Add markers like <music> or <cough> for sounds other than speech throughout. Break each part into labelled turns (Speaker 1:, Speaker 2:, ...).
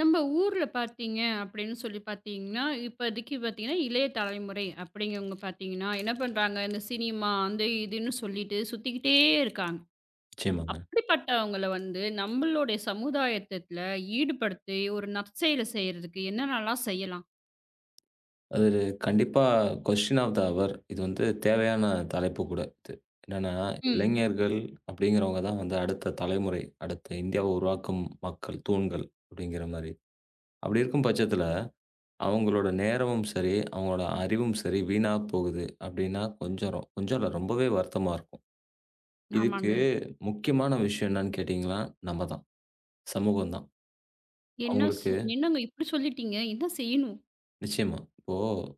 Speaker 1: நம்ம ஊர்ல பாத்தீங்க அப்படின்னு சொல்லிப் பாத்தீங்கன்னா, இப்பத்திக்கு பாத்தீங்கன்னா இளைய தலைமுறை அப்படிங்கிறவங்க பாத்தீங்கன்னா என்ன பண்றாங்க? இந்த சினிமா அந்த இதுன்னு சொல்லிட்டு சுத்திக்கிட்டே இருக்காங்க.
Speaker 2: நிச்சயமாங்க.
Speaker 1: அப்படிப்பட்டவங்களை வந்து நம்மளோட சமுதாயத்துல ஈடுபடுத்தி ஒரு நற்செயலை செய்யறதுக்கு என்னன்னல்லா செய்யலாம்?
Speaker 2: அது கண்டிப்பா கொஸ்டியன் ஆஃப் த ஃஹவர் இது வந்து தேவையான தலைப்பு கூட இது. என்னன்னா
Speaker 1: ம்.
Speaker 2: இளைஞர்கள் அப்படிங்கிறவங்க தான் வந்து அந்த அடுத்த தலைமுறை. அடுத்த இந்தியாவை உருவாக்கும் மக்கள் தூண்கள் அப்படிங்கிற மாரி. அப்படி இருக்கும் பட்சத்துல அவங்களோட நேரமும் சரி, அவங்களோட அறிவும் சரி வீணாப் போகுது. அப்படின்னா கொஞ்சம் கொஞ்சம் இல்ல ரொம்பவே வருத்தமா இருக்கும்.
Speaker 1: ஆமாங்க.
Speaker 2: இதுக்கு முக்கியமான விஷயம் என்னன்னு கேட்டீங்கன்னா நம்மதான் சமூகம் தான்
Speaker 1: என்ன
Speaker 2: அவங்களுக்கு
Speaker 1: சொல் என்னங்க இப்படி சொல்லிட்டீங்க. என்ன செய்யணும்?
Speaker 2: நிச்சயமா. இப்போ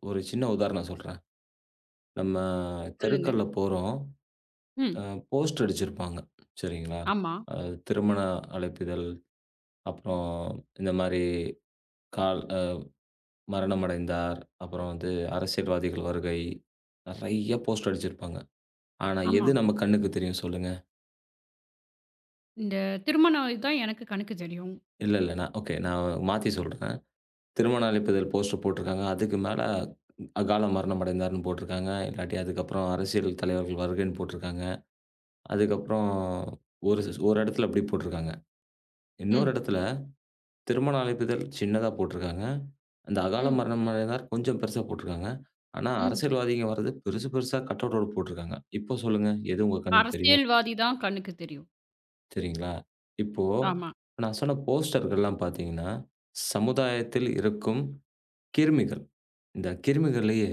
Speaker 2: ஒரு சின்ன உதாரணம் சொல்றேன். நம்ம
Speaker 1: சொல்லுங்க.
Speaker 2: தெருக்கள்ல போறோம். அ
Speaker 1: ம்.
Speaker 2: போஸ்ட் அடிச்சிருப்பாங்க. சரிங்களா?
Speaker 1: ஆமா.
Speaker 2: திருமண அழைப்பிதழ். அப்புறம் இந்த மாரி கால் அ மரணமடைந்தார். அப்புறம் வந்து அரசியல்வாதிகள் வருகை. நெறைய போஸ்ட் அடிச்சிருப்பாங்க. ஆனா எது
Speaker 1: ஆமா.
Speaker 2: நம்ம கண்ணுக்குத் தெரியும் சொல்லுங்க.
Speaker 1: இந்தத் திருமணம் இதான் எனக்குக் கண்ணுக்குத் தெரியும்.
Speaker 2: இல்ல இல்ல. நான் ஓகே. நான் மாத்தி சொல்றேன். திருமண அழைப்பிதழ் போஸ்டர் போட்டுருக்காங்க. அதுக்கு மேல அகால மரணமடைந்தார் ன்னு போட்டுருக்காங்க. இல்லாட்டி அதுக்கப்புறம் அரசியல் தலைவர்கள் வருகைன்னு போட்டுருக்காங்க. அதுக்கப்புறம் ஒரு ஒரு இடத்துல அப்படி போட்டுருக்காங்க. இன்னொரு
Speaker 1: ம்.
Speaker 2: இடத்துல திருமண அழைப்பிதழ் சின்னதா போட்டுருக்காங்க. அந்த அகால
Speaker 1: ம்.
Speaker 2: மரணமடைந்தார் கொஞ்சம் பெருசா போட்டுருக்காங்க. ஆனா
Speaker 1: ம்.
Speaker 2: அரசியல்வாதிகள் வர்றது பெருசு, பெருசா கட்அவுட் போட்டுருக்காங்க. இப்போ சொல்லுங்க எது உங்க கண்ணு தெரியும்?
Speaker 1: அரசியல்வாதி தான் கண்ணுக்குத் தெரியும்.
Speaker 2: சரிங்களா? இப்போ
Speaker 1: ஆமா.
Speaker 2: நான் சொன்ன போஸ்டர் எல்லாம் பாத்தீங்கன்னா சமுதாயத்தில் இருக்கும் கிருமிகள். இந்தக் கிருமிகள்லயே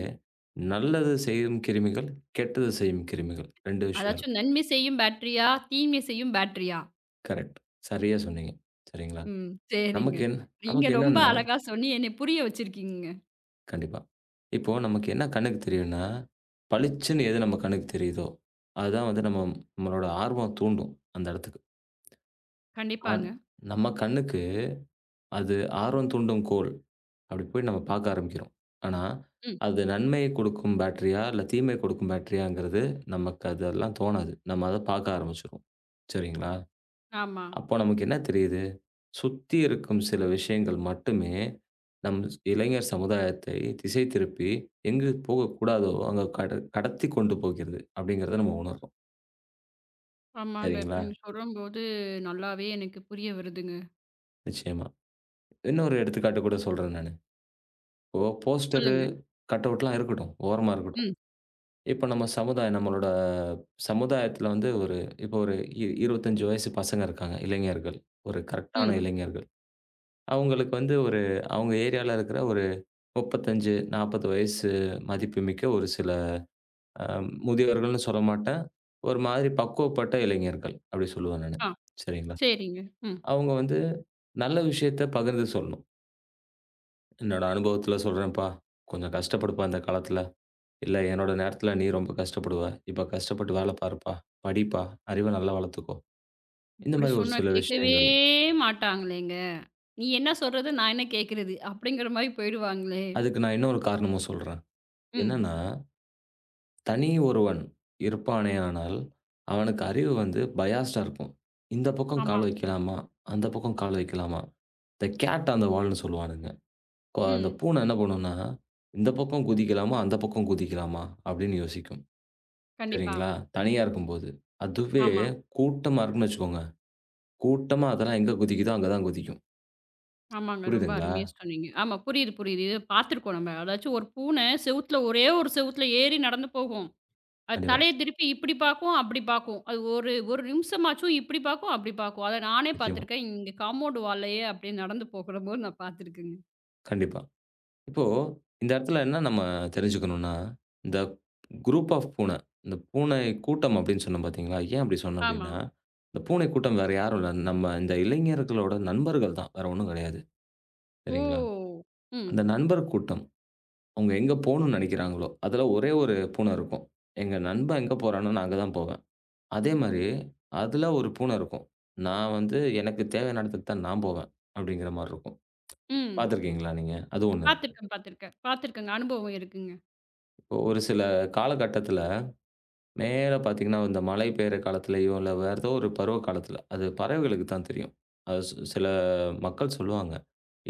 Speaker 2: நல்லது செய்யும் கிருமிகள். கெட்டதை செய்யும் கிருமிகள். 2 விஷயம்
Speaker 1: அதாச்சு
Speaker 2: இருக்கு.
Speaker 1: நன்மை செய்யும் பேட்டரியா? தீமை செய்யும் பேட்டரியா?
Speaker 2: கரெக்ட். சரியா சொன்னீங்க. சரிங்களா.
Speaker 1: ம் சரிங்க.
Speaker 2: நமக்கு என்ன
Speaker 1: நீங்க
Speaker 2: நமக்கு
Speaker 1: ரொம்ப
Speaker 2: என்னன்னா.
Speaker 1: அழகா சொல்லி என்னையப் புரிய வச்சிருக்கீங்க.
Speaker 2: கண்டிப்பா. இப்போ நமக்கு என்ன கண்ணுக்குத் தெரியும்னா, பளிச்சுன்னு எது நம்ம கண்ணுக்குத் தெரியுதோ அது தான் நம்மளோட ஆர்வம் தூண்டும். அந்த இடத்துக்கு. அன்.
Speaker 1: கண்டிப்பாங்க.
Speaker 2: நம்ம கண்ணுக்கு அது ஆர்வம் தூண்டும் கோல். அப்படி போய்ப் பாக்க ஆரம்பிக்கிறோம். ஆனா
Speaker 1: ம்.
Speaker 2: அது நன்மையை கொடுக்கும் பேட்டரியா? இல்ல தீமையை கொடுக்கும் பேட்டரியா? அப்படிங்கிறது நமக்கு அதெல்லாம் தோணாது. நாம அத பாக்க ஆரம்பிச்சுருவோம். சரிங்களா?
Speaker 1: ஆமா.
Speaker 2: அப்போ நமக்கு என்ன தெரியுது? சுத்தி இருக்கும் சில விஷயங்கள் மட்டுமே நம் இளைஞர் சமுதாயத்தை திசை திருப்பி எங்குப் போகக்கூடாதோ அங்க கட கடத்திக் கொண்டு போகிறது அப்படிங்கறத நாம உணர்றோம்.
Speaker 1: ஆமாங்க. இப்ப
Speaker 2: சரிங்களா?
Speaker 1: நீங்க சொல்லும்போது நல்லாவே எனக்குப் புரிய வருதுங்க.
Speaker 2: நிச்சயமா. இன்னொரு எடுத்துக்காட்டு கூடச் சொல்றேன் நானு. இப்போ போஸ்டர்
Speaker 1: சொல்லுங்க.
Speaker 2: கட் அவுட்லாம் இருக்கட்டும். ஓரமா இருக்கட்டும்.
Speaker 1: ம்.
Speaker 2: இப்ப நம்ம சமுதாயம் நம்மளோட சமுதாயத்துல வந்து ஒரு இப்போ ஒரு இ 25 வயசு பசங்க இருக்காங்க. இளைஞர்கள் ஒரு கரெக்டான
Speaker 1: ம்.
Speaker 2: இளைஞர்கள். அவங்களுக்கு வந்து ஒரு அவங்க ஏரியால இருக்குற ஒரு 35, 40 வயசு மதிப்புமிக்க ஒரு சில, அ முதியவர்கள்ன்னு சொல்ல மாட்டேன். ஒரு மாதிரி பக்குவப்பட்ட இளைஞர்கள் அப்படி சொல்லுவேன் நானு.
Speaker 1: ஆ,
Speaker 2: சரிங்களா.
Speaker 1: சரிங்க, ம்.
Speaker 2: அவங்க வந்து நல்ல விஷயத்த பகிர்ந்து சொல்லணும். என்னோட அனுபவத்துல சொல்றேன்ப்பா. கொஞ்சம் கஷ்டப்படுப்பா இந்த காலத்துல, இல்ல என்னோட நேரத்துல நீ ரொம்ப கஷ்டப்படுவ. இப்ப கஷ்டப்பட்டு வேலை பாருப்பா. படிப்பா அறிவு நல்லா வளர்த்துக்கோ. இந்த
Speaker 1: இப்படி
Speaker 2: மாரி ஒரு
Speaker 1: சொன்னா
Speaker 2: சில
Speaker 1: கேட்கவே
Speaker 2: விஷயங்கள்.
Speaker 1: மாட்டாங்களேங்க. நீ என்ன சொல்றது, நான் என்ன கேட்கிறது அப்படிங்கிற மாரி போயிருவாங்களே!
Speaker 2: அதுக்கு நான் இன்னொரு காரணமும் சொல்றேன்.
Speaker 1: ம்.
Speaker 2: என்னன்னா தனி ஒருவன் இருப்பானே ஆனாலும், அவனுக்கு அறிவு வந்து பயாஸ்ட்டா இருக்கும். இந்தப் பக்கம்
Speaker 1: ஆமா.
Speaker 2: கால் வெக்கலாமா? அந்தப் பக்கம் கால் வெக்கலாமா? தே கேட் ஆன் தே வால்ன்னு சொல்லுவானுங்க. ஓ! அந்தப்
Speaker 1: ம்.
Speaker 2: பூனை என்ன பண்ணும்னா? இந்தப் பக்கம் குதிக்கலாமா? அந்தப் பக்கம் குதிக்கலாமா அப்படின்னு யோசிக்கும்.
Speaker 1: கண்டிப்பா.
Speaker 2: சரிங்களா? தனியா இருக்கும்போது அதுவே
Speaker 1: ஆமா.
Speaker 2: கூட்டமா இருக்கும்னு வச்சுக்கோங்க. கூட்டமா அதெல்லாம் எங்க குதிக்குதோ அங்க தான் குதிக்கும்.
Speaker 1: ஆமாங்க. ரொம்ப
Speaker 2: புரியுதுங்களா?
Speaker 1: அருமையா சொன்னீங்க. ஆமா, புரியுது புரியுது. இது பாத்திருக்கோம் நம்ம. அதாச்சு ஒரு பூனை செவுத்துல ஒரே ஒரு செவுத்துல ஏறி நடந்து போகும். அது
Speaker 2: கண்டிப்பா.
Speaker 1: தலைய திருப்பி இப்படி பார்க்கும் அப்படி பார்க்கும். அது ஒரு ஒரு நிமிஷமாச்சும் இப்படி பார்க்கும், அப்படி பார்க்கும். அத நானே
Speaker 2: நிச்சயமா.
Speaker 1: பாத்திருக்கேன். இங்க காம்பவுண்ட் வால்லயே அப்படியே நடந்து போகிறம்போது நான் பாத்திருக்கங்க.
Speaker 2: கண்டிப்பா இப்போ இந்த இடத்துல என்ன நம்ம தெரிஞ்சுக்கணும்னா இந்த க்ரூப் ஆஃப் பூனை. இந்த பூனை கூட்டம் அப்படின்னு சொன்னேன் பாத்தீங்களா. ஏன் அப்படி சொன்னேன்
Speaker 1: ஆமா.
Speaker 2: அப்படின்னா, அந்தப் பூனை கூட்டம் வேற யாரும் இல்ல. நம்ம இந்த இளைஞர்களோட நண்பர்கள் தான். வேற ஒண்ணும் கெடையாது. சரிங்களா?
Speaker 1: ஓ. ம்.
Speaker 2: அந்த நண்பர் கூட்டம். அவங்க எங்க போகணும்னு நெனைக்கிறாங்களோ அதுல ஒரே ஒரு பூனை இருக்கும். எங்க நண்பன் எங்க போறான்னு. நான் அங்க தான் போவேன். அதே மாரி அதுல ஒரு பூனை இருக்கும். நான் வந்து எனக்குத் தேவையான இடத்துக்குத் தான் நான் போவேன். அப்படிங்கற மாரி இருக்கும்.
Speaker 1: ம்.
Speaker 2: பாத்துருக்கீங்களா நீங்க? அது ஒண்ணு.
Speaker 1: பாத்திருக்கேன் பாத்திருக்கேன். பாத்திருக்கேங்க. அனுபவம் இருக்குங்க.
Speaker 2: ஒரு சில காலகட்டத்துல, நேரா பாத்தீங்கன்னா இந்த மழை பெய்யற காலத்துலயோ இல்ல வேறதோ ஒரு பருவ காலத்துல அது பறவைகளுக்கு தான் தெரியும். அது சி சில மக்கள் சொல்லுவாங்க.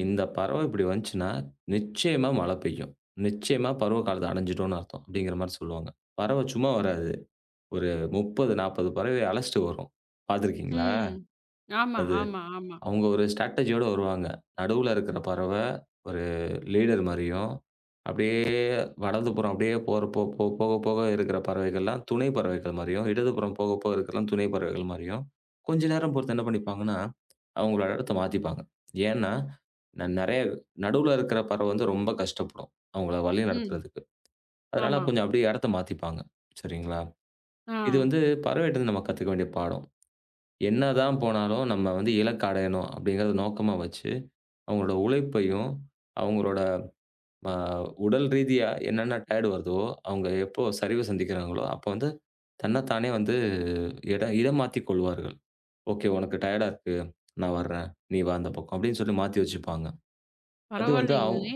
Speaker 2: இந்தப் பறவை இப்படி வந்துச்சுன்னா நிச்சயமா மழை பெய்யும். நிச்சயமா பருவ காலத்த அடைஞ்சுட்டோம்னு அர்த்தம். அப்படிங்கற மாரி சொல்லுவாங்க. பறவ சும்மா வராது. ஒரு 30, 40 பறவைய அழச்சிட்டு வரும். பாத்துருக்கீங்களா?
Speaker 1: ம். ஆமா,
Speaker 2: அது
Speaker 1: ஆமா, ஆமா.
Speaker 2: அவங்க ஒரு ஸ்ட்ரேடஜி வருவாங்க. நடுவுல இருக்குற பறவை ஒரு லீடர் மாரியும். அப்படியே வடக்கப்புறம் அப்படியே போகப்போக இருக்குற பறவைகள்லாம் துணை பறவைகள் மாரியும் இடதுபுறம் போகப்போக இருக்கறது எல்லாம் துணை பறவைகள் மாரியும் கொஞ்ச நேரம் போச்சுட்டு என்ன பண்ணிப்பாங்கன்னா அவங்களோட இடத்தை மாத்திப்பாங்க. ஏன்னா நிறைய நடுவுல இருக்குற பறவை ரொம்ப கஷ்டப்படும். அவங்கள
Speaker 1: ம்.
Speaker 2: வழிநடத்துறதுக்கு. அதனால
Speaker 1: ஆமா.
Speaker 2: கொஞ்சம் அப்படியே இடத்த மாத்திப்பாங்க. சரிங்களா? இது
Speaker 1: ஆ.
Speaker 2: வந்து பறவைட்ட நாம கத்துக்க வேண்டிய பாடம். என்னதான் போனாலும் நம்ம வந்து இலக்கை அடையணும் அப்படிங்கறது நோக்கமா வச்சு அவங்களோட உழைப்பையும், அவங்களோட அ உடல் ரீதியா என்னென்ன டயர்டு வருதோ, அவங்க எப்போ சரிவு சந்திக்கிறங்களோ அப்ப வந்து தன்ன தானே வந்து இடம் இடம் மாத்தி கொள்வார்கள். ஓகே. "உனக்கு டயர்டா இருக்கு. நான் வர்றேன். நீ வா அந்தப் பக்கம்." அப்படின்னு மாத்தி வெச்சுருப்பாங்க. அது வந்து
Speaker 1: பரவாயில்லைங்களே.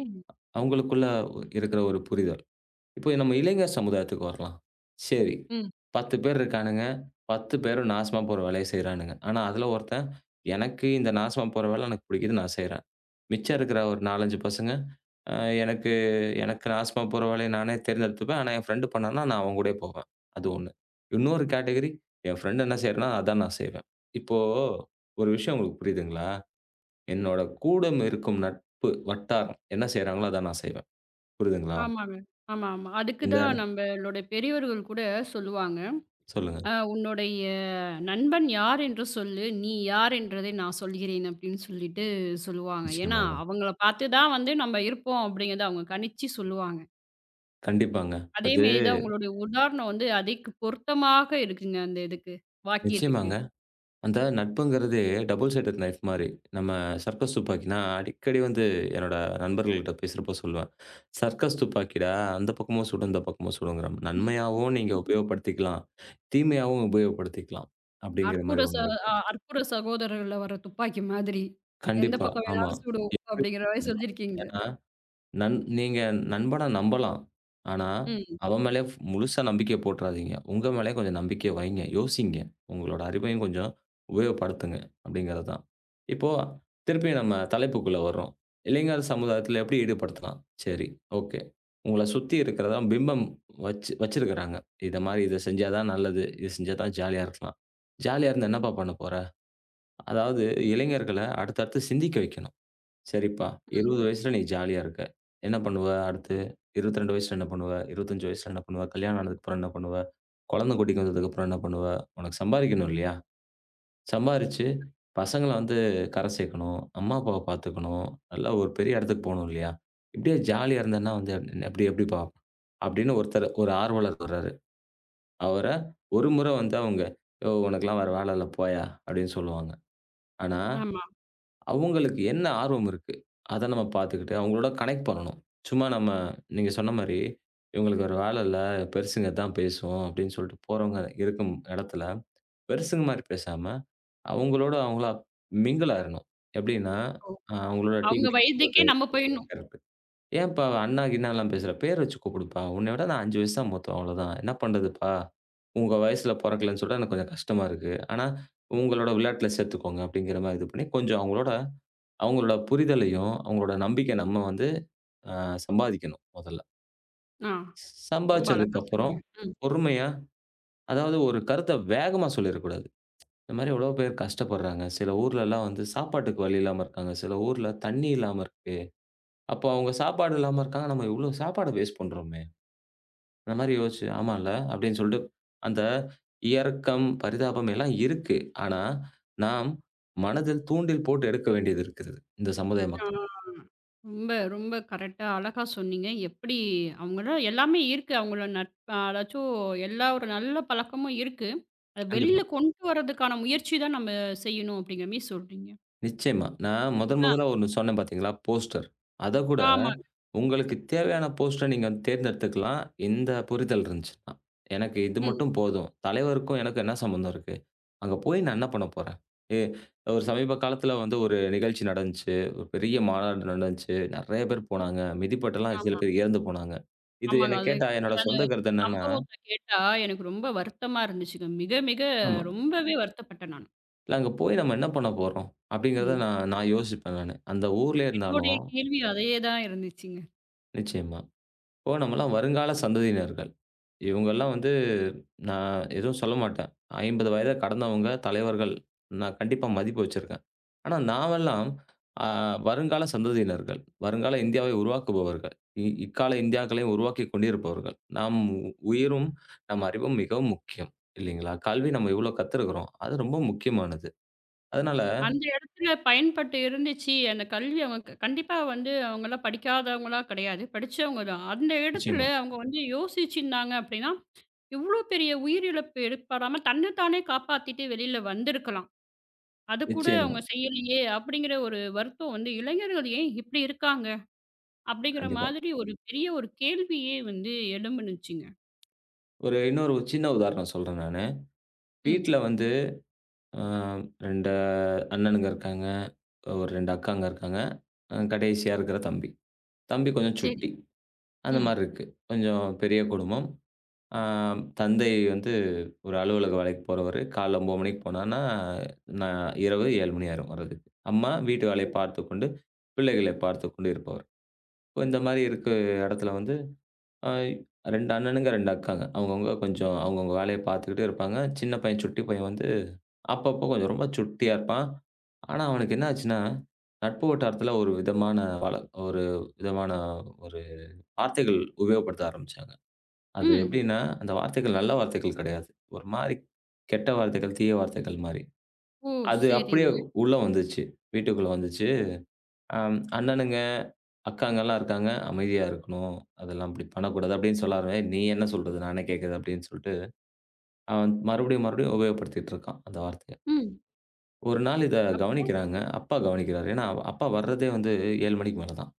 Speaker 2: அவங்களுக்குள்ள இருக்கிற ஒரு புரிதல். இப்போ நம்ம இளைஞர் சமுதாயத்துக்கு வரலாம். சரி
Speaker 1: ம்.
Speaker 2: 10 பேர் இருக்கானுங்க. பத்து பேரும் நாசமா போற வேலையை செய்றாங்க. ஆனா அதுல ஒருத்தன் எனக்கு இந்த நாசமா போற வேலை எனக்குப் புடிக்கறது நான் செய்றேன். மிச்சம் இருக்கிற ஒரு 4, 5 பசங்க அ எனக்கு எனக்கு நாசமா போற வேலைய நானே தேர்ந்தெடுத்துக்குவேன். ஆனா என் ஃப்ரெண்ட் பண்ணனும்னா நான் அவங்க கூடப் போவேன். அது 1. இன்னொரு கேட்டகிரி. என் ஃப்ரெண்ட் என்ன செய்றேன்னா அதான் நான் செய்வேன். இப்போ ஒரு விஷயம் உங்களுக்குப் புரியுதுங்களா? என்னோட கூடமிருக்கும் நட்பு வட்டாரம் என்ன செய்றாங்களோ? அதான் நான் செய்வேன். புரியுதுங்களா?
Speaker 1: ஆமாங்க. ஆமா, ஆமா. அதுக்கு
Speaker 2: இந்த
Speaker 1: தான் நம்ம ளோட பெரியவர்கள் கூடச் சொல்லுவாங்க.
Speaker 2: சொல்லுங்க.
Speaker 1: அ "உன்னுடைய நண்பன் யார் என்று சொல்லு. நீ யார் என்பதை நான் சொல்லுகிறேன்." அப்படின்னு சொல்லிட்டு சொல்லுவாங்க. ஏன்னா
Speaker 2: நிச்சயமாங்க.
Speaker 1: அவங்கள பாத்துதான் வந்து நாம இருப்போம் அப்படின்னு அவங்க கணிச்சு சொல்லுவாங்க.
Speaker 2: கண்டிப்பாங்க.
Speaker 1: அதே
Speaker 2: அது
Speaker 1: மாதிரிதான், உங்களோட உதாரணம் வந்து, அதிக் பொருத்தமாக இருக்குங்க, அந்த இதுக்கு வாக்கியத்துக்கு!
Speaker 2: நிச்சயமாங்க. அந்த நட்புங்குறதே டபுள் சைடெட் நைஃப் மாரி. நம்ம சர்க்கஸ் துப்பாக்கி. நான் அடிக்கடி வந்து என்னோட நண்பர்கள்ட்ட பேசுறப்போ சொல்லுவன். சர்க்கஸ் <exhales> துப்பாக்கிடா! அந்த பக்கமும் சுடும். இந்த பக்கமும் சுடும். நன்மையாவும் நீங்க
Speaker 1: <laughs>
Speaker 2: உபயோகப்படுத்திக்கலாம்! தீமையாவும் உபயோகப்படுத்திக்கலாம் அப்படிங்கிற
Speaker 1: அற்புத
Speaker 2: மாதிரி
Speaker 1: ச
Speaker 2: ஒண்ணு இருக்கு.
Speaker 1: அ, அற்புத சகோதரர்கள் வர்ற துப்பாக்கி மாதிரி! எந்தப்
Speaker 2: கண்டிப்பா,
Speaker 1: பக்கம்
Speaker 2: ஆமா!
Speaker 1: வேணாலும் சுடும்,
Speaker 2: எப்படி?
Speaker 1: அப்படிங்கற மாதிரி
Speaker 2: <unintelligible>
Speaker 1: செஞ்சியிருக்கீங்க!
Speaker 2: ஏன்னா, நண் நீங்க நண்பன நம்பலாம். ஆனா,
Speaker 1: ம்.
Speaker 2: அவன் மேல ஃப்- முழுசா நம்பிக்கை போட்டுறாதீங்க. உங்க மேல கொஞ்சம் நம்பிக்கை வைங்க. யோசிங்க. உங்களோட அறிவையும் கொஞ்சம் உபயோகப்படுத்துங்க அப்படிங்கறது தான். இப்போ திருப்பியும் நம்ம தலைப்புக்குள்ள வர்றோம். இளைஞர் சமுதாயத்தில எப்படி ஈடுபடுத்தலாம்? சேரி, ஓகே! உங்கள சுத்தி இருக்கிறதான் பிம்பம் வச் வச்சிருக்காங்க. இந்த மாதிரி இத செஞ்சா தான் நல்லது, இத செஞ்சா தான் ஜாலியா இருக்கலாம். ஜாலியா இருந்து, என்னப்பா பண்ண போற? அதாவது இளைஞர்களை அடுத்தடுத்துச் சிந்திக்க வெக்கணும். சரிப்பா.
Speaker 1: ம்.
Speaker 2: 20 வயசுல நீ ஜாலியா இருக்க. என்ன பண்ணுவ, அடுத்து? 22 வயசுல என்ன பண்ணுவ? 25 வயசுல என்ன பண்ணுவ? கல்யாணம் ஆனதுக்கு அப்புறம் என்ன பண்ணுவ? குழந்தை குட்டிக்கு வந்ததுக்கு அப்புறம் என்ன பண்ணுவ? உனக்குச் சம்பாதிக்கணும் இல்லையா? சம்பாரிச்சு பசங்கள வந்து கரை சேக்கணும். அம்மா அப்பாவ பாத்துக்கணும். நல்லா ஒரு பெரிய எடத்துக்குப் போணும் இல்லயா? இப்படியே ஜாலியா இருந்தனா வந்து எப்படி எப்படிப்பா? அப்படின்னு ஒருத்தர், ஒரு ஆர்வலர் சொல்றாரு. அவர ஒரு முறை வந்து, அவங்க யோவ்! உனக்கு எல்லாம் வேற வேலை இல்ல போயா! அப்படின்னு சொல்லுவாங்க. ஆனா
Speaker 1: ஆமா.
Speaker 2: அவங்களுக்கு என்ன ஆர்வம் இருக்கு? அத நாம பாத்துகிட்டு அவங்களோட கனெக்ட் பண்ணனும். சும்மா, நம்ம நீங்க சொன்ன மாரி இவங்களுக்கு வேற வேலை இல்ல! பெருசுங்க இதான் பேசுவோம்! அப்படின்னு சொல்லிட்டு போறவங்க இருக்கும் எடத்துல பெருசுங்க மாரி பேசாம அவங்களோட அவங்களா மிங்கில் ஆயிரனும். எப்படின்னா,
Speaker 1: ஓ!
Speaker 2: அவங்களோட
Speaker 1: அவங்க
Speaker 2: டீக்குடிக்க
Speaker 1: வயதுக்கே
Speaker 2: போறது.
Speaker 1: நாம போயிணும்.
Speaker 2: கரெக்ட்! ஏன்ப்பா? அண்ணா கிண்ணாலாம் பேசுற? பேரு வச்சு கூப்பிடுப்பா. உன்னை விட நான் 5 வயசு தான் மூத்தவன், அவ்ளோதான். என்ன பண்றதுப்பா? உங்க வயசுல பொறக்கலைன்னு சொல்ற எனக்குக் கொஞ்சம் கஷ்டமா இருக்கு. ஆனா, உங்களோட விளையாட்டுல சேர்த்துக்கோங்க அப்படிங்கற மாரி இது பண்ணி, கொஞ்சம் அவங்களோட அவங்களோட புரிதலையும், அவங்களோட நம்பிக்கையை நம்ம வந்து, அ, சம்பாதிக்கணும், மொதல்ல.
Speaker 1: ஆ.
Speaker 2: <shushes>
Speaker 1: ரொம்ப
Speaker 2: சம்பாதிச்சதுக்கு
Speaker 1: அழகா
Speaker 2: அப்புறம்,
Speaker 1: சொன்னீங்க. ம்.
Speaker 2: பொறுமையா, அதாவது ஒரு கருத்த வேகமா சொல்லியிருக்க கூடாது. <tsk> இந்த மாரி எவ்வளவோ பேர் கஷ்டப்படுறாங்க சில ஊர்ல எல்லாம் வந்து சாப்பாட்டுக்கு வழியில்லாம இருக்காங்க. சில ஊர்ல தண்ணி இல்லாம இருக்கு அப்ப அவங்க சாப்பாடு இல்லாம இருக்காங்க. நம்ம எவ்வளவு சாப்பாடு வேஸ்ட் பண்றோமே. அந்த மாரி யோசிச்சு, ஆமால்ல அப்படின்னு சொல்லிட்டு அந்த இரக்கம், பரிதாபம் எல்லாம் இருக்கு. ஆனா நாம் மனதில் தூண்டில் போட்டு எடுக்க வேண்டியது இருக்குது. இந்தச் சமுதாய
Speaker 1: ஆ.
Speaker 2: மக்கள்
Speaker 1: ரொம்ப, ரொம்ப கரெக்டா அழகா சொன்னீங்க. எப்படி? அவங்கட்ட எல்லாமே இருக்கு. அவங்களோ நட்ப் அதாச்சும் எல்லா ஒரு நல்ல பழக்கமும் இருக்கு. அத
Speaker 2: <smacks lips>
Speaker 1: வெளியில
Speaker 2: கண்டிப்பா.
Speaker 1: கொண்டு வர்றதுக்கான முயற்சி தான் நாம செய்யணும் அப்படிங்கற மாரி சொல்றீங்க.
Speaker 2: நிச்சயமா நான்
Speaker 1: <smacks lips> அ.
Speaker 2: முதன்முதலா ஒண்ணு சொன்னேன் பாத்தீங்களா? போஸ்டர் அத கூட
Speaker 1: ஆமாங்க.
Speaker 2: உங்களுக்குத் தேவையான போஸ்டர நீங்கத் தேர்ந்தெடுத்துக்கலாம், இந்த புரிதல் இருந்துச்சுன்னா. எனக்கு இது
Speaker 1: ம்.
Speaker 2: மட்டும் போதும் தலைவருக்கும் எனக்கும் என்ன சம்பந்தம் இருக்கு? அங்க போய் நான் என்ன பண்ண போறேன்? ஏ ஒரு சமீப காலத்துல வந்து ஒரு நிகழ்ச்சி நடந்துச்சு. ஒரு பெரிய மாநாடு நடந்துச்சு. நறைய பேர்
Speaker 1: <swallows> ம்.
Speaker 2: போனாங்க. மிதிபட்ட எல்லாம் சில
Speaker 1: ஆமா.
Speaker 2: பேர் இறந்து போனாங்க. இது
Speaker 1: ஆமாங்க.
Speaker 2: என்ன
Speaker 1: அது
Speaker 2: கேட்டா, என்னோட
Speaker 1: <unintelligible>
Speaker 2: சொந்த
Speaker 1: அந்தச்
Speaker 2: கருத்து என்னன்னா
Speaker 1: சம்பவத்தை கேட்டா, எனக்கு ரொம்ப வருத்தமா இருந்துச்சுங்க. மிக மிக
Speaker 2: ஆமா.
Speaker 1: ரொம்பவே வருத்தப்பட்டேன் நானு.
Speaker 2: இல அங்க போய் நம்ம என்ன பண்ண போறோம்? அப்படிங்கறத
Speaker 1: ம்.
Speaker 2: நான் நான் யோசிப்பேன் நானு. அந்த ஊர்லயே
Speaker 1: என்னுடைய
Speaker 2: இருந்தாலும்.
Speaker 1: கேள்வியே அதையே தான் இருந்துச்சு.
Speaker 2: நிச்சயமா. இப்போ நம்ம எல்லாம் வருங்கால சந்ததியினர். இவங்க எல்லாம் வந்து நான் எதுவும் சொல்லமாட்டேன். 50 வயத கடந்தவங்க தலைவர்கள். நான் கண்டிப்பா மதிப்பு வச்சிருக்கேன். ஆனா நாமெல்லாம் அ வருங்கால சந்ததியினர். வருங்கால இந்தியாவை உருவாக்குபவர்கள். இக்கால இந்தியாக்களை உருவாக்கி கொண்டிருப்பவர்கள். நாம் உயிரும் நம் அறிவும் மிகவும் முக்கியம். இல்லைங்களா? கல்வி நம்ம எவ்வளவு கத்துருக்குறோம்? அது ரொம்ப முக்கியமானது. அதனால.
Speaker 1: அந்த இடத்துல பயன்பட்டு இருந்துச்சு. எனக்குக் கல்வி அவ கண்டிப்பா வந்து. அவங்க எல்லாம் படிக்காதவங்களா? கிடையாது. படிச்சவங்க தான். அந்த இடத்துல
Speaker 2: நிச்சயமா.
Speaker 1: அவங்க வந்து யோசிச்சு இருந்தாங்க. அப்படின்னா இவ்ளோ பெரிய உயிரிழப்பு ஏற்ப்படாம தன்னத்தானே காப்பாத்திட்டு வெளியில வந்து இருக்கலாம். அதைக் கூட
Speaker 2: நிச்சயமா.
Speaker 1: அவங்க செய்யலியே அப்படிங்கிற ஒரு வருத்தம் வந்து. இளைஞர்கள் ஏன் இப்படி இருக்காங்க? அப்படிங்கிற
Speaker 2: கண்டிப்பா.
Speaker 1: மாதிரி ஒரு பெரிய ஒரு கேள்வியே வந்து எழுந்துச்சுங்க.
Speaker 2: ஒரு இன்னொரு சின்ன உதாரணம் சொல்றேன் நானு.
Speaker 1: ம்.
Speaker 2: வீட்டுல வந்து அ 2 அண்ணனுங்க இருக்காங்க. ஒரு 2 அக்காங்க இருக்காங்க. அ கடைசியா இருக்குற தம்பி. தம்பி கொஞ்சம்
Speaker 1: சரி.
Speaker 2: சுட்டி. அந்த
Speaker 1: ம்.
Speaker 2: மாரி இருக்கு. கொஞ்சம் பெரிய குடும்பம். அ தந்தை வந்து ஒரு அலுவலக வேலைக்குப் போறவரு. காலைல 9:00 மணிக்குப் போனா நான் இரவு 7:00 ஆயிடும் வர்றதுக்கு. அம்மா வீட்டு வேலை
Speaker 1: <unintelligible>
Speaker 2: பார்த்துக் கொண்டு பிள்ளைகளைப் பார்த்துக் கொண்டிருப்பவர். இப்போ இந்த மாரி இருக்கு. இடத்துல வந்து 2 அண்ணனுங்க, 2 அக்காங்க. அவங்க அவங்க கொஞ்சம் அவங்க அவங்க வேலைய பாத்துக்கிட்டு இருப்பாங்க. சின்னப் பையன் சுட்டிப் பையன் வந்து அப்பப்போ கொஞ்சம் ரொம்ப சுட்டியா இருப்பான். ஆனா அவனுக்கு என்ன ஆச்சுன்னா, நட்பு வட்டாரத்துல ஒரு விதமான ஒரு விதமான ஒரு வார்த்தைகள் உபயோகப்படுத்த ஆரம்பிச்சாங்க. அது
Speaker 1: ம்.
Speaker 2: எப்படின்னா அந்த வார்த்தைகள் நல்ல வார்த்தைகள் கிடையாது. ஒரு மாரி கெட்ட வார்த்தைகள், தீய வார்த்தைகள் மாதிரி.
Speaker 1: ஓ.
Speaker 2: அது அப்படியே
Speaker 1: செரிங்க.
Speaker 2: உள்ள வந்துச்சு. வீட்டுக்குள்ள வந்துச்சு. அ அண்ணனுங்க, அக்காங்க எல்லாம் இருக்காங்க. அமைதியா இருக்கணும். அதெல்லாம் அப்படி பண்ணக்கூடாது. அப்படின்னு சொல்லாம நீ என்ன சொல்றது நான் என்ன கேக்குறது அப்படின்னு சொல்லிட்டு அவன் மறுபடியும் மறுபடியும் உபயோகப்படுத்தி இருக்கான் அந்த வார்த்தைய.
Speaker 1: ம்.
Speaker 2: ஒரு நாள் இத
Speaker 1: அப்போ.
Speaker 2: கவனிக்கிறாங்க. அப்பா கவனிக்கிறாரு. ஏன்னா, அப்பா வர்றதே வந்து 7:00 மணிக்கு மேல தான்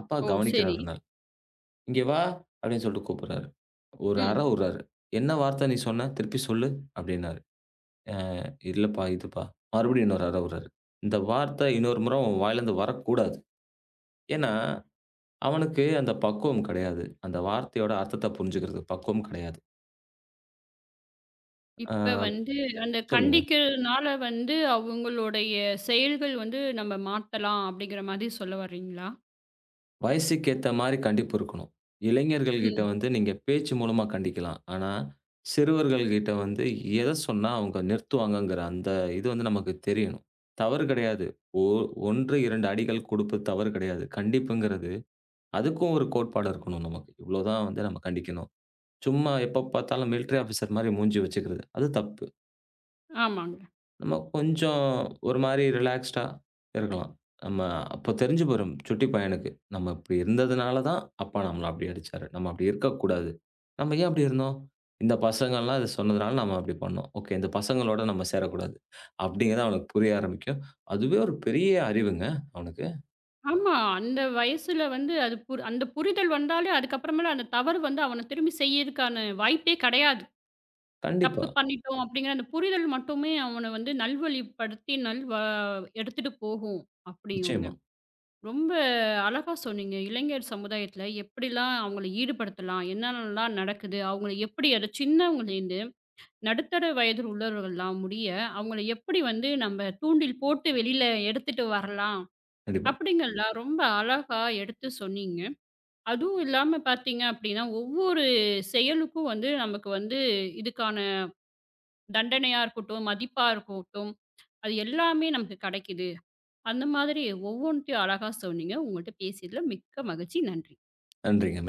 Speaker 2: அப்பா
Speaker 1: ஓ
Speaker 2: கவனிக்கிறார்.
Speaker 1: சரி.
Speaker 2: "இங்க வா" அப்படின்னு சொல்லிட்டு கூப்பிடுறாரு. ஒரு அர
Speaker 1: ம்.
Speaker 2: விடுறாரு. என்ன வார்த்த சொன்னா திருப்பிச் சொல்லு அப்படின்னாரு. "அ இல்லப்பா. இதுப்பா" மறுபடியும் இன்னொரு அர விடுறாரு இந்த வார்த்த இன்னொரு முறை உன் வாயிலிருந்து வரக் கூடாது. ஏன்னா அவனுக்கு அந்தப் பக்குவம் கிடையாது. அந்த வார்த்தையோட அர்த்தத்தைப் புரிஞ்சுக்கிறது. பக்குவம் கிடையாது. ஆ,
Speaker 1: இப்ப வந்து, அந்தக்
Speaker 2: சொல்லுங்க!
Speaker 1: கண்டிக்கறதுனால வந்து, அவங்களுடைய செயல்கள் வந்து, நம்ம மாத்தலாம் அப்படிங்கற மாரி சொல்ல வர்றீங்களா?
Speaker 2: வயசுக்கேத்த மாரி கண்டிப்பு இருக்கணும்! இளைஞர்கள்கிட்ட
Speaker 1: ம்.
Speaker 2: வந்து நீங்க பேச்சு மூலமா கண்டிக்கலாம். ஆனா, சிறுவர்கள்கிட்ட வந்து எத சொன்னா, அவங்க நிறுத்துவாங்கங்கிற அந்த இது, நமக்குத் தெரியணும். தவறு கெடையாது. ஓ-1, 2 அடிக்கள் கொடுப்பது தவறு கெடையாது. கண்டிப்புங்கிறது, அதுக்கும் ஒரு கோட்பாடு இருக்கணும், நமக்கு! இவ்ளோ தான் வந்து, நம்ம கண்டிக்கணும். சும்மா எப்ப பாத்தாலும் மிலிட்டரி ஆஃபீஸர் மாரி மூஞ்சி வச்சுக்கிறது அது தப்பு.
Speaker 1: ஆமாங்க.
Speaker 2: நம்ம கொஞ்சம் ஒரு மாரி ரிலாக்ஸ்ட்டா இருக்கலாம். நம்ம அப்பத் தெரிஞ்சு போயிரும், சுட்டிப் பையனுக்கு! நம்ம இப்படி இருந்ததுனால தான், அப்பா நம்மள அப்டி அடிச்சாரு. நம்ம அப்படி இருக்கக் கூடாது. நம்ம ஏன் அப்படி இருந்தோம்? இந்தப் பசங்கலாம் அத சொன்னதுனால, நம்ம அப்படி பண்ணோம். ஓகே! இந்தப் பசங்களோட நம்ம சேரக் கூடாது. <exhales> அப்படிங்கறத அவனுக்குப் புரிய ஆரம்பிக்கும். அதுவே ஒரு பெரிய அறிவுங்க அவனுக்கு.
Speaker 1: ஆமா. அந்த வயசுல வந்து, அது அந்தப் புரிதல் வந்தாலே அதுக்கு அப்பறமேல அந்தத் தவறு வந்து, அவனைத் திரும்பிச் செய்யறதுக்கான வாய்ப்பே கெடையாது.
Speaker 2: கண்டிப்பா.
Speaker 1: தப்பு பண்ணிட்டோம் அப்படிங்கற அந்தப் புரிதல் மட்டுமே, அவனை வந்து நல்வழிப்படுத்தி நல்வா எடுத்துட்டு போகும், அப்படியுங்க.
Speaker 2: நிச்சயமா.
Speaker 1: ரொம்ப அழகா சொன்னீங்க. இளைஞர் சமுதாயத்துல எப்படிலாம் அவங்கள ஈடுபடுத்தலாம், என்ன என்னலாம் நடக்குது, அவங்களுக்கு எப்படி ஒரு சின்னவங்கள இருந்து நடுத்தர வயது உள்ளவர்கள் எல்லாம் முடிய அவங்களை எப்படி வந்து நம்ம தூண்டில் போட்டு வெளில எடுத்துட்டு வரலாம்
Speaker 2: கண்டிப்பா.
Speaker 1: அப்படிங்கற எல்லாம் ரொம்ப அழகா எடுத்துச் சொன்னீங்க. அதுவும் இல்லாம பார்த்தீங்க, அப்படின்னா ஒவ்வொரு செயலுக்கும் வந்து நமக்கு வந்து இதுக்கான தண்டனையா இருக்கட்டும், மதிப்பா இருக்கட்டும் அது எல்லாமே நமக்குக் கிடைக்குது. அந்த மாதிரி ஒவ்வொன்னுத்தையும் அழகா சொன்னீங்க. உங்ககிட்ட பேசியதுல மிக்க மகிழ்ச்சி. நன்றி.
Speaker 2: நன்றிங்க.